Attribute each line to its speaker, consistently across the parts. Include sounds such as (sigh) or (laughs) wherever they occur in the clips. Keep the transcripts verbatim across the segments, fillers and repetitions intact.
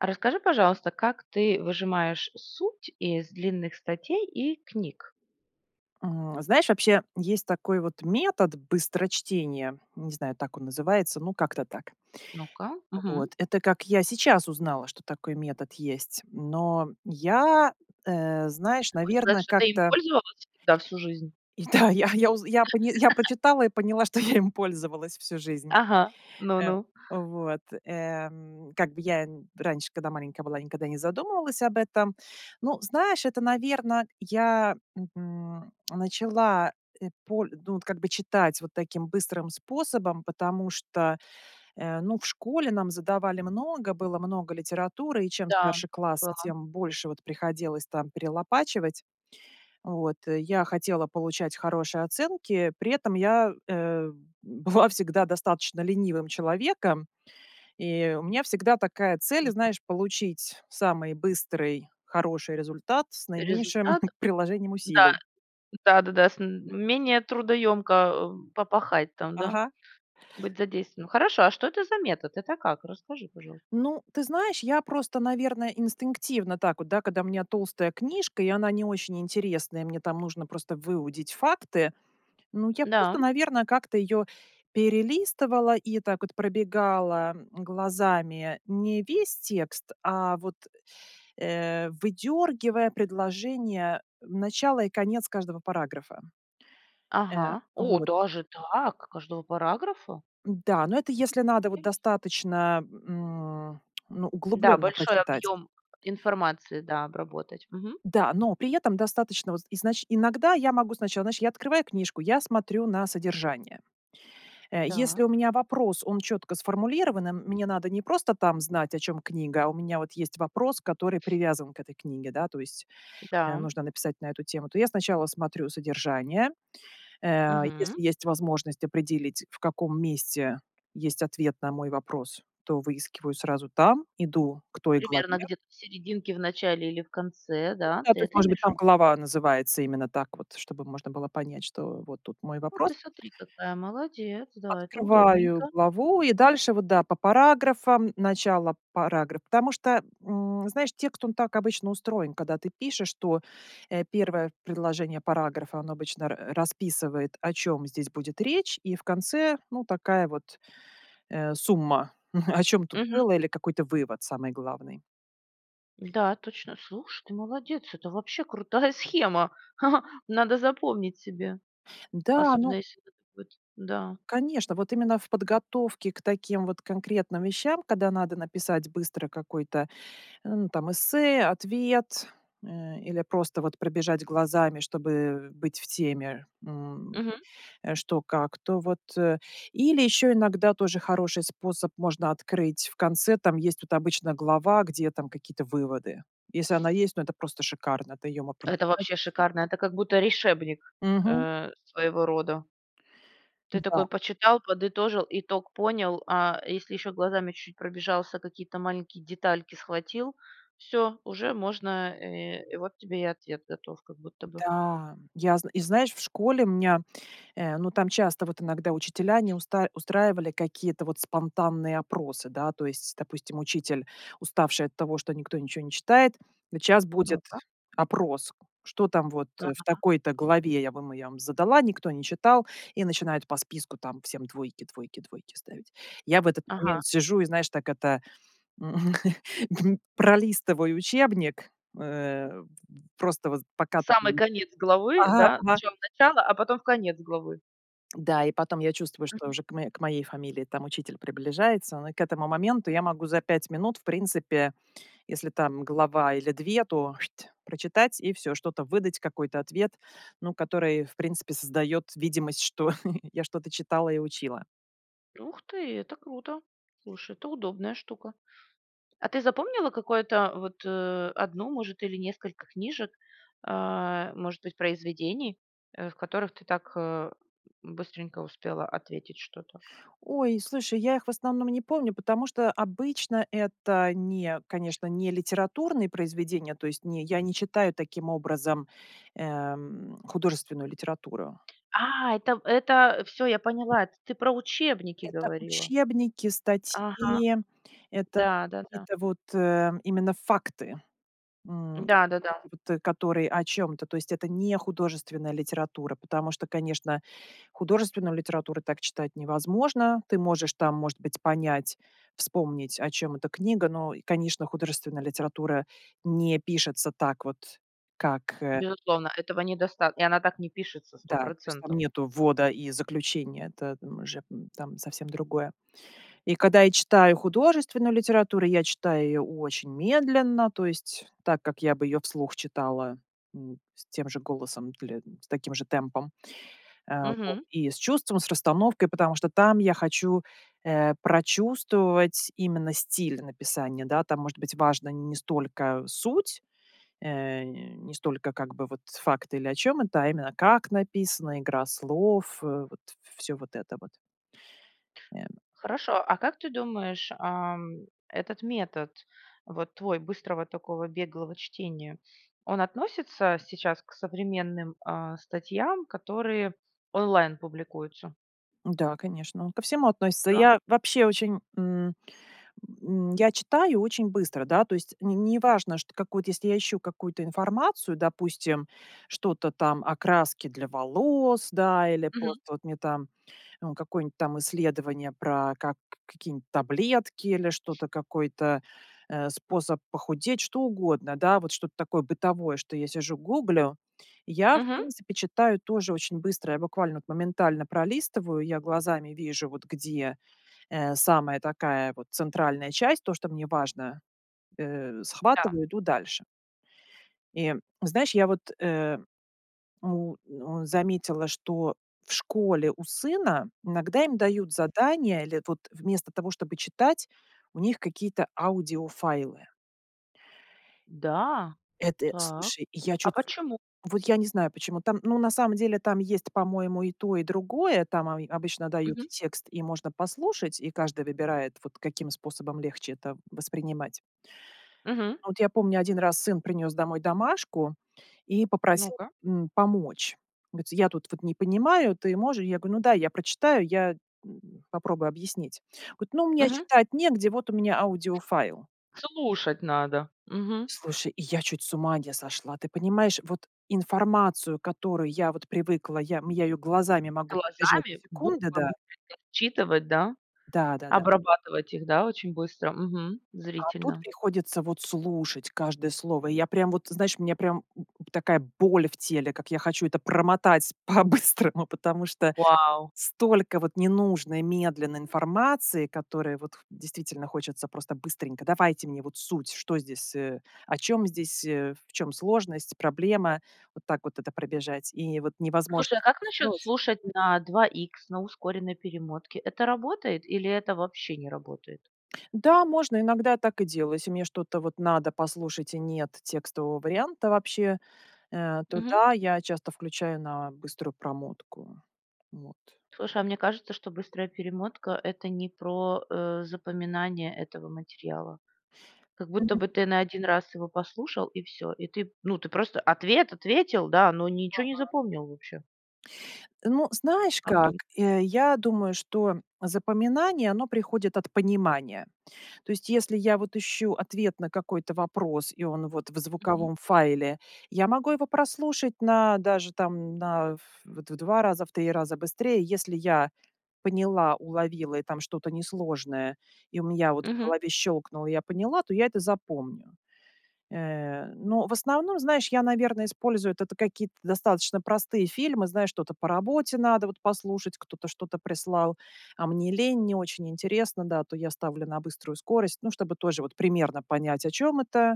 Speaker 1: А, расскажи, пожалуйста, как ты выжимаешь суть из длинных статей и книг?
Speaker 2: М, знаешь, вообще, есть такой, вот, метод быстрочтение. Не знаю, так он называется, ну, как-то так.
Speaker 1: Ну-ка,
Speaker 2: А,
Speaker 1: мгм.
Speaker 2: вот, это как я сейчас узнала, что такой метод есть, но я, э, знаешь,
Speaker 1: Хочешь сказать,
Speaker 2: наверно,
Speaker 1: что ты им
Speaker 2: как-то
Speaker 1: пользовалась всегда, всю жизнь?
Speaker 2: и да, я я узн я поня я
Speaker 1: (laughs)
Speaker 2: прочитала и поняла, что я им пользовалась всю жизнь.
Speaker 1: Ага,
Speaker 2: Эм.
Speaker 1: ну-ну.
Speaker 2: Вот, эм, как бы я нь раньше, когда маленькая была, никогда не задумывалась об этом. Ну, знаешь, это, наверно, я, мгм, начала эт поль ну вот, как бы, читать, вот таким, быстрым способом, потому что, э, ну, в школе нам задавали много, было много литературы, и чем
Speaker 1: Да,
Speaker 2: старше классы,
Speaker 1: было.
Speaker 2: тем больше, вот, приходилось там перелопачивать. Вот. Я хотела получать хорошие оценки, при этом я, э, была всегда достаточно ленивым человеком, и у меня всегда такая цель,
Speaker 1: Да.
Speaker 2: знаешь, получить самый быстрый, хороший результат с наименьшим
Speaker 1: Результат,
Speaker 2: (chuckles) приложением
Speaker 1: да,
Speaker 2: усилий.
Speaker 1: да-да-да, с менее трудоёмко, эм, попахать там, да,
Speaker 2: Ага.
Speaker 1: быть задействованным. Хорошо, а что это за метод? Это как? Расскажи, пожалуйста.
Speaker 2: Ну, ты знаешь, я просто, наверное, инстинктивно, так вот, да, когда у меня толстая книжка и она не очень интересная, мне там нужно просто выудить факты, ну, я
Speaker 1: Да.
Speaker 2: просто, наверно, как-то её перелистывала и, так вот, пробегала, м, глазами не весь текст, а вот, э, выдергивая предложение, начало и конец каждого параграфа. Э,
Speaker 1: Ага. О,
Speaker 2: вот.
Speaker 1: даже так! Каждого параграфа?
Speaker 2: Да, но это если надо, вот,
Speaker 1: Терес
Speaker 2: достаточно, м, ну,
Speaker 1: Да,
Speaker 2: углублённо
Speaker 1: большой
Speaker 2: прочитать.
Speaker 1: объём информации, да, обработать, мгм.
Speaker 2: Да, но при этом достаточно, вот, изнач иногда я могу сначала, знаешь, я открываю книжку. Я смотрю на содержание. Э, если у
Speaker 1: Так.
Speaker 2: меня вопрос, он чётко сформулирован, и мне надо не просто там знать, о чём книга, а у меня, вот, есть вопрос, который привязан к этой книге, да, то есть, э,
Speaker 1: Да.
Speaker 2: нужно написать на эту тему, то я, сначала смотрю содержание. Э,
Speaker 1: Мгм.
Speaker 2: если есть возможность определить, в каком месте есть ответ на мой вопрос, то выискиваю сразу там, иду к той
Speaker 1: Примерно,
Speaker 2: главе
Speaker 1: где-то в серединке, в начале или в конце,
Speaker 2: Ну
Speaker 1: да,
Speaker 2: да,
Speaker 1: ты
Speaker 2: то есть,
Speaker 1: это
Speaker 2: может быть,
Speaker 1: имеешь в виду?
Speaker 2: там глава называется именно так вот, чтобы можно было понять, что вот тут мой
Speaker 1: Вот
Speaker 2: вопрос.
Speaker 1: ты сотри, какая молодец, да, это
Speaker 2: Открываю
Speaker 1: удобненько.
Speaker 2: главу и дальше, вот, да, по параграфам- начало парагра потому что, м, знаешь, текст, он так обычно устроен, когда ты пишешь, то, э, первое предложение параграфа, оно обычно ра расписывает, о чём здесь будет речь и в конце, ну, такая вот, э, сумма, (chuckles) о чём тут
Speaker 1: Мгм.
Speaker 2: было или какой-то вывод самый главный.
Speaker 1: Да, точно. Слушай, ты молодец, это вообще крутая схема, (chuckles) надо запомнить себе.
Speaker 2: Да,
Speaker 1: Особенно
Speaker 2: ну
Speaker 1: если вот вот, да.
Speaker 2: Конечно, вот именно в подготовке к таким вот, конкретным вещам, когда надо написать быстро какой-то, м, там эссе, ответ, э, или просто, вот, пробежать глазами, чтобы, э, быть в теме, м,
Speaker 1: Мгм.
Speaker 2: э, что как. То вот, э, или, ещё иногда тоже хороший способ- можно открыть в конце, там, есть тут обычно глава, где, там, какие-то выводы. Если она есть, ну это просто шикарно. Это её мо
Speaker 1: Это
Speaker 2: прочитать
Speaker 1: вообще
Speaker 2: и всё.
Speaker 1: шикарно, это, как будто, решебник,
Speaker 2: Мгм.
Speaker 1: э, своего рода. Ты
Speaker 2: М-да.
Speaker 1: такой почитал, подытожил, итог понял, а, если, ещё, глазами чуть пробежался, какие-то маленькие детальки схватил. Всё! Уже можно э, и вот тебе и ответ готов, как будто бы.
Speaker 2: Да, я зн и знаешь, в школе меня, э, ну там часто, вот, иногда учителя не уста устраивали какие-то, вот, спонтанные опросы, да, то есть, допустим, учитель, уставший от того, что никто ничего не читает "Сейчас будет
Speaker 1: Ну-ка.
Speaker 2: опрос, что там, вот, э, в
Speaker 1: Ага.
Speaker 2: такой-то главе, я вам я вам задала, никто не читал" и начинает по списку там всем двойки, двойки, двойки ставить. Я в этот
Speaker 1: Ага.
Speaker 2: момент сижу и, знаешь, так это, м, (chuckles) пролистываю учебник, э, просто вот пока.
Speaker 1: Самый
Speaker 2: (unintelligible)
Speaker 1: конец главы,
Speaker 2: Ага
Speaker 1: да?
Speaker 2: ага
Speaker 1: Зачем начало, а потом, в конец главы.
Speaker 2: Да, и потом я чувствую, что
Speaker 1: Мгм.
Speaker 2: уже к моей к моей фамилии, там, учитель приближается, но к этому моменту, я могу за пять минут, в принципе, если там глава или две, то, "шть" прочитать и всё, что-то выдать, какой-то ответ, ну, который в принципе создает видимость, что (chuckles) я что-то читала и учила.
Speaker 1: Ух ты, это круто! Слушай, это удобная штука! А ты запомнила, какое-то, вот, э, одну может или несколько книжек, а, может быть произведений, э, в которых ты так, э, быстренько успела ответить что-то?
Speaker 2: Ой, слушай, я их, в основном, не помню, потому что, обычно, это не конечно, не литературные произведения, то есть не я не читаю таким образом, эм, художественную литературу.
Speaker 1: А, это это всё, я поняла, это ты про учебники
Speaker 2: Это
Speaker 1: говорила.
Speaker 2: учебники,
Speaker 1: Ага.
Speaker 2: статьи, это
Speaker 1: Да, да-да.
Speaker 2: какие-то вот, э, именно факты, м, или
Speaker 1: Да
Speaker 2: книги,
Speaker 1: да-да.
Speaker 2: вот, э, которые о чем-то. То есть это не художественная литература, потому что, конечно, художественную литературу так читать невозможно. Ты можешь там, может быть, понять, вспомнить, о чем эта книга, но, и конечно, художественная литература не пишется так вот, как э
Speaker 1: Безусловно, этого недоста и она так не пишется сто
Speaker 2: Да, то есть, там
Speaker 1: процентов.
Speaker 2: нету ввода и заключения- это н уже, там, совсем другое. И когда я читаю художественную литературу, я читаю её очень медленно, то есть так, как я бы её вслух читала, м, с тем же голосом или с таким же темпом, э, вот,
Speaker 1: Мгм.
Speaker 2: и с чувством, с расстановкой, потому что там я хочу, э, прочувствовать, именно, стиль написания, да. Там, может быть, важна не столько суть, э, не столько, как бы, вот с факты или о чём это, а именно как написано, игра слов, э, вот всё вот это вот. Эм.
Speaker 1: Хорошо, а как ты думаешь, ам, этот метод, вот твой, быстрого такого, беглого чтения, он относится сейчас к современным, а, статьям, которые онлайн публикуются?
Speaker 2: Да, конечно, он ко всему относится.
Speaker 1: Да.
Speaker 2: Я вообще, очень, м, м, я читаю очень быстро, да, то есть не не неважно, что какой-то, если я ищу какую-то информацию, допустим, что-то, там, о краске для волос, да или
Speaker 1: Мгм.
Speaker 2: просто, вот, мне, там, э, какое-нибудь, там, исследование про как какие-нибудь таблетки или что-то какой-то, э, способ похудеть. Что угодно, да, вот, что-то такое бытовое, что я сижу гуглю. Я, в
Speaker 1: Мгм.
Speaker 2: принципе, читаю тоже очень быстро, я буквально, вот, моментально пролистываю, я глазами вижу, вот, где, э, самая такая, вот, центральная часть, то, что мне важно, э,
Speaker 1: Да.
Speaker 2: схватываю, иду дальше. И знаешь, я, вот, э, му э, заметила, что в школе у сына, иногда им дают задания или, это вот, вместо того, чтобы читать, у них какие-то аудиофайлы.
Speaker 1: Да?
Speaker 2: Это,
Speaker 1: Так?
Speaker 2: слушай. Я
Speaker 1: А
Speaker 2: чуть су
Speaker 1: почему?
Speaker 2: Вот, я не знаю, почему там, ну, на самом деле, там есть, по-моему, и то, и другое. Там, они обычно дают
Speaker 1: Мгм.
Speaker 2: текст и можно послушать. И каждый выбирает, вот, каким способом легче это воспринимать.
Speaker 1: Мгм.
Speaker 2: Но, вот, я помню, один раз, сын принес домой домашку и попросил,
Speaker 1: Ну-ка.
Speaker 2: м, помочь. Говорится, я тут, вот, не понимаю, ты можешь? Я говорю: "Ну дай, я прочитаю я, м, попробую объяснить". Говорит: "Ну мне
Speaker 1: Мгм.
Speaker 2: читать негде, вот, у меня аудиофайл".
Speaker 1: Слушать надо! Мгм.
Speaker 2: Слушай, я чуть с ума не сошла, ты понимаешь? Вот, информацию, к которой я, вот, привыкла, я, м, я ее глазами могу пробежать за
Speaker 1: Глазами
Speaker 2: секунды,
Speaker 1: буквы
Speaker 2: да.
Speaker 1: будут (unintelligible) отчитывать, да,
Speaker 2: Да, да, да.
Speaker 1: обрабатывать, их, да, очень быстро, Мгм,
Speaker 2: А тут
Speaker 1: зрительно.
Speaker 2: приходится, вот, слушать, каждое слово. И я прям, вот, ты знаешь, мне прям, м, м, такая боль в теле, как я хочу это промотать по-быстрому. Потому что,
Speaker 1: Вау!
Speaker 2: столько, вот, ненужной медленной информации, которую, вот, м, действительно хочется просто быстренько. Давайте мне, вот, суть, что здесь, э, о чём здесь, э, в чём сложность, проблема? Вот так вот, это пробежать и, вот, невозможность
Speaker 1: Слушай, а как
Speaker 2: это
Speaker 1: насчет
Speaker 2: сделать.
Speaker 1: слушать на два икс на ускоренной перемотке? Это работает или это вообще не работает?
Speaker 2: Да, можно, иногда я так и делаю. Если мне что-то, вот, надо послушать и нет текстового варианта вообще, э, то
Speaker 1: Мгм.
Speaker 2: да, я часто включаю на быструю промотку. Вот.
Speaker 1: Слушай, а мне кажется, что быстрая перемотка это не про, э, запоминание этого материала. Как будто бы,
Speaker 2: Мгм.
Speaker 1: ты на один раз его послушал и всё. И ты, ну ты, просто ответ ответил, да, но ничего не
Speaker 2: Ага.
Speaker 1: запомнил вообще.
Speaker 2: Э, ну, знаешь
Speaker 1: Как
Speaker 2: как.
Speaker 1: думаешь?
Speaker 2: Э, я думаю, что запоминание- оно приходит от понимания. То есть, если, я, вот, ищу ответ на какой-то вопрос и он, вот в
Speaker 1: Мгм.
Speaker 2: звуковом файле, я могу его прослушать на, даже, там, на ф вот, в два раза, в три раза быстрее. Если я поняла, уловила и там что-то несложное, и у меня, вот, в
Speaker 1: Мгм.
Speaker 2: голове щелкнуло, я поняла, то я это запомню. Э, но в основном, знаешь, я, наверно, использую это какие-то, достаточно, простые фильмы, знаешь, что-то по работе надо, вот, послушать, кто-то что-то прислал, а мне лень, не очень интересно, да, то я ставлю на быструю скорость, ну чтобы тоже, вот, примерно понять, о чём это.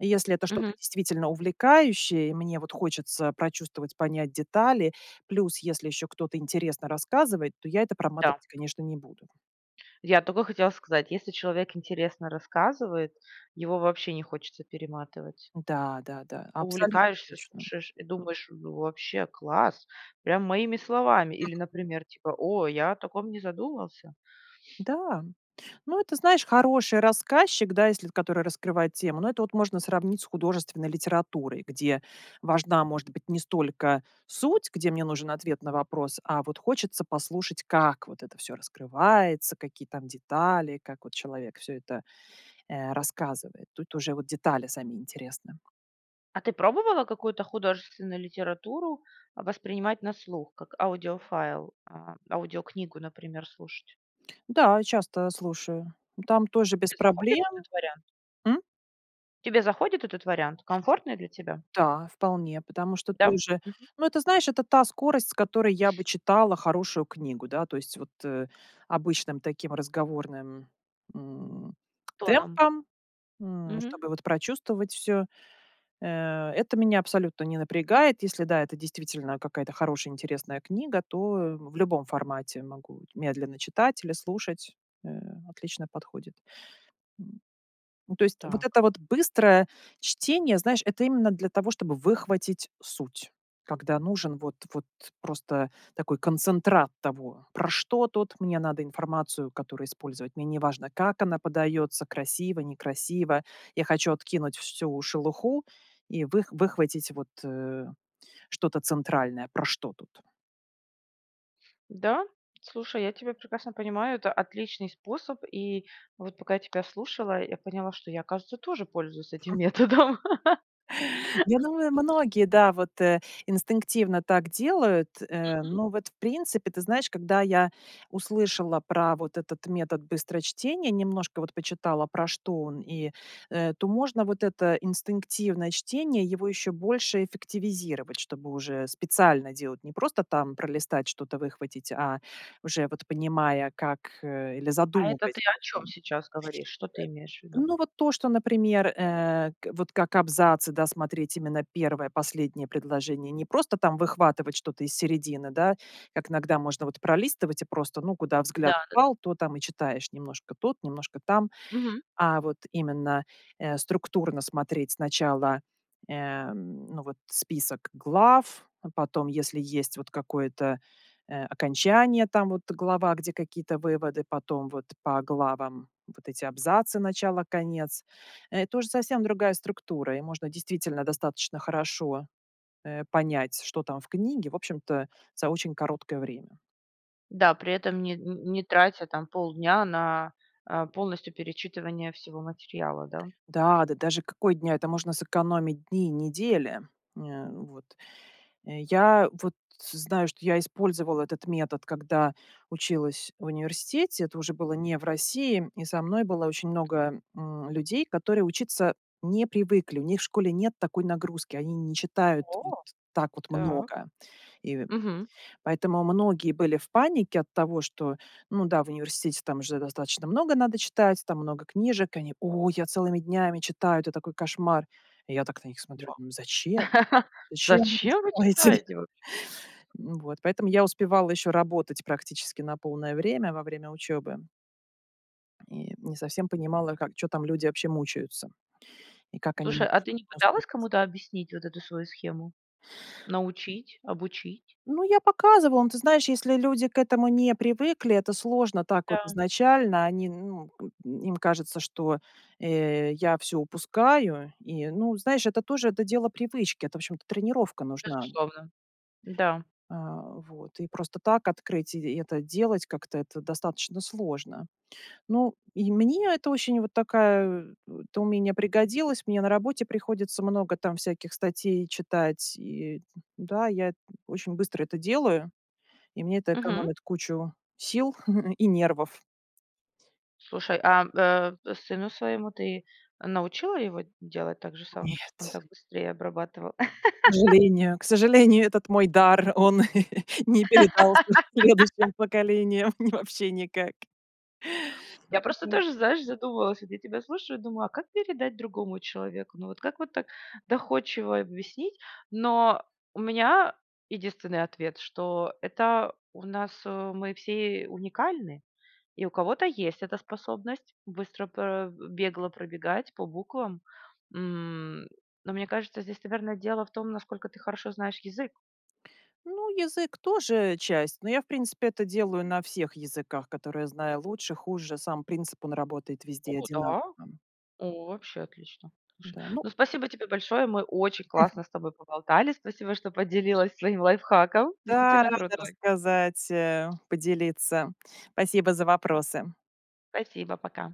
Speaker 2: И, если это что-то
Speaker 1: Мгм.
Speaker 2: действительно увлекающее, и мне, вот, хочется прочувствовать, понять детали, плюс, если еще кто-то интересно рассказывает, то я это
Speaker 1: Да.
Speaker 2: проматывать, конечно, не буду.
Speaker 1: Я тока хотела сказать, если человек интересно рассказывает, его вообще не хочется перематывать.
Speaker 2: Да, да, да, абсолютно
Speaker 1: Увлекаешься,
Speaker 2: точно.
Speaker 1: слушаешь и думаешь: "Ну вообще класс, прям моими
Speaker 2: М.
Speaker 1: словами", или,
Speaker 2: (chuckles)
Speaker 1: например, типа: "О, я о таком не задумался".
Speaker 2: Да. Ну, это, знаешь, хороший рассказчик, да, если который раскрывает тему. Но это, вот, можно сравнить с художественной литературой, где важна, может быть, не столько суть, где мне нужен ответ на вопрос, а вот хочется послушать, как, вот, это всё раскрывается, какие там детали, как, вот, человек всё это, э, рассказывает. Тут уже, вот, детали сами интересны.
Speaker 1: А ты пробовала какую-то художественную литературу, а, воспринимать на слух как аудиофайл, а, аудиокнигу, например, слушать?
Speaker 2: Да, и часто слушаю. М, там тоже без
Speaker 1: Те заходит
Speaker 2: проблем.
Speaker 1: этот вариант?
Speaker 2: М?
Speaker 1: Тебе заходит этот вариант? Комфортный для тебя?
Speaker 2: Та, вполне, потому что
Speaker 1: Да, м?
Speaker 2: тоже,
Speaker 1: М.
Speaker 2: ну, это, знаешь, это та скорость, с которой я бы читала хорошую книгу, да. То есть вот, э, обычным таким разговорным, м,
Speaker 1: Тоном.
Speaker 2: темпом, м,
Speaker 1: Мгм.
Speaker 2: чтобы вот прочувствовать всё. Э, это меня абсолютно не напрягает. Если, да, это действительно какая-то хорошая, интересная книга, то, э, в любом формате могу медленно читать или слушать. Э, отлично подходит. М, ну, то есть вот
Speaker 1: Так.
Speaker 2: это вот быстрое чтение, знаешь, это именно для того, чтобы выхватить суть, когда нужен вот вот просто такой концентрат того, про что тут мне надо информацию, которую использовать, мне не важно, как она подается: красиво, некрасиво, я хочу откинуть всю шелуху и вых выхватить вот, э, что-то центральное, про что тут.
Speaker 1: Да? Слушай, я тебя прекрасно понимаю, это отличный способ, и вот, пока я тебя слушала, я поняла, что я, оказывается, тоже пользуюсь этим
Speaker 2: (chuckles)
Speaker 1: методом.
Speaker 2: Я думаю,
Speaker 1: (chuckles)
Speaker 2: многие, да, вот, э, инстинктивно так делают, э,
Speaker 1: Мгм.
Speaker 2: но вот, в принципе, ты знаешь, когда я услышала про вот этот метод быстрочтения, немножко вот почитала, про что он, и, э, то можно вот это инстинктивное чтение, его ещё больше эффективизировать. Чтобы уже специально делать, не просто там пролистать, что-то выхватить, а уже вот, понимая, как, э, или
Speaker 1: А это ты
Speaker 2: задумываясь
Speaker 1: о чём
Speaker 2: просто.
Speaker 1: сейчас говоришь? Что ты имеешь в
Speaker 2: Э,
Speaker 1: виду?
Speaker 2: ну, вот то, что, например, э, к вот как абзацы, да, смотреть именно первое, последнее предложение, не просто там выхватывать что-то из середины, да, как иногда можно вот пролистывать и просто, ну, куда
Speaker 1: Да,
Speaker 2: взгляд
Speaker 1: да, да.
Speaker 2: упал, то там и читаешь: немножко тут, немножко там.
Speaker 1: Мгм.
Speaker 2: А вот именно, э, структурно смотреть сначала, эм, ну вот, список глав, а потом, если есть вот какое-то, э, окончание, там вот глава, где какие-то выводы, потом вот по главам вот эти абзацы: начало, конец. Это уже совсем другая структура, и можно действительно достаточно хорошо, э, понять, что там в книге, в общем-то, за очень короткое время.
Speaker 1: Да, при этом не н н не тратя там полдня на, а, полностью перечитывание всего материала, да?
Speaker 2: Да, да даже какой дня? Это можно сэкономить дни недели, э, вот. Э, я вот знаю, что я использовала этот метод, когда училась в университете. Это уже было не в России. И со мной было очень много, м, людей, которые учиться не привыкли. У них в школе нет такой нагрузки. Они не читают т т
Speaker 1: О.
Speaker 2: так вот
Speaker 1: Так.
Speaker 2: много. И, э,
Speaker 1: Мгм.
Speaker 2: поэтому многие были в панике от того, что, ну да, в университете там же достаточно много надо читать, там много книжек, и они: "О, я целыми днями читаю. Это такой кошмар". И я так на них смотрю,
Speaker 1: Вау.
Speaker 2: думаю: "Зачем?
Speaker 1: (chuckles)
Speaker 2: Зачем вы это
Speaker 1: Зачем вы
Speaker 2: делаете?"
Speaker 1: читаете воб
Speaker 2: (chuckles) Вот. Поэтому я успевала еще работать практически на полное время во время учебы. И не совсем понимала, как чё там люди вообще мучаются. И как они
Speaker 1: Слушай,
Speaker 2: могут
Speaker 1: а ты
Speaker 2: что-то
Speaker 1: не пыталась
Speaker 2: (unintelligible)
Speaker 1: кому-то объяснить вот эту свою схему? Научить, обучить?
Speaker 2: Ну, я показывала. Но ты знаешь, если люди к этому не привыкли. Это сложно так вот
Speaker 1: Да.
Speaker 2: изначально. Они, ну, м, им кажется, что, э, я всё упускаю и, ну, знаешь, это тоже, это дело привычки. Это, в общем-то, тренировка нужна.
Speaker 1: Безусловно. М-да.
Speaker 2: А, вот. И просто так открыть и это делать как-то- это достаточно сложно. Ну, и мне это очень вот такая Это умение пригодилось. Мне на работе приходится много там всяких статей читать, и да, я очень быстро это делаю. И мне это
Speaker 1: Мгм.
Speaker 2: экономит кучу сил (chuckles) и нервов.
Speaker 1: Слушай, ам, э, сыну своему, ты научила его делать так же само, чтоб он
Speaker 2: Нет.
Speaker 1: так быстрее обрабатывал?
Speaker 2: К
Speaker 1: (laughs)
Speaker 2: сожалению, к сожалению, этот мой дар, он (chuckles) не передался следующим
Speaker 1: (laughs)
Speaker 2: поколениям ни вообще никак.
Speaker 1: Я просто
Speaker 2: (unintelligible)
Speaker 1: тоже, знаешь, задумалась, вот я тебя слушаю и думаю, а как передать другому человеку? Ну, вот как вот так доходчиво объяснить? Но у меня единственный ответ, что это у нас, э, мы все уникальны, и у кого-то есть эта способность быстро про э, бегло пробегать по буквам. М, но мне кажется, здесь, наверно, дело в том, насколько ты хорошо знаешь язык.
Speaker 2: Ну, язык тоже часть, но я, в принципе, это делаю на всех языках, которые знаю лучше, хуже. Сам принцип, он работает везде и
Speaker 1: О
Speaker 2: одинаково.
Speaker 1: да. О, вообще отлично. Слушай,
Speaker 2: Да, ну
Speaker 1: ну, спасибо тебе большое. Мы очень
Speaker 2: (chuckles)
Speaker 1: классно с тобой поболтали. Спасибо, что поделилась своим лайфхаком.
Speaker 2: Да,
Speaker 1: Действительно
Speaker 2: рада
Speaker 1: крутой.
Speaker 2: рассказать, э, поделиться. Спасибо за вопросы.
Speaker 1: Спасибо, пока.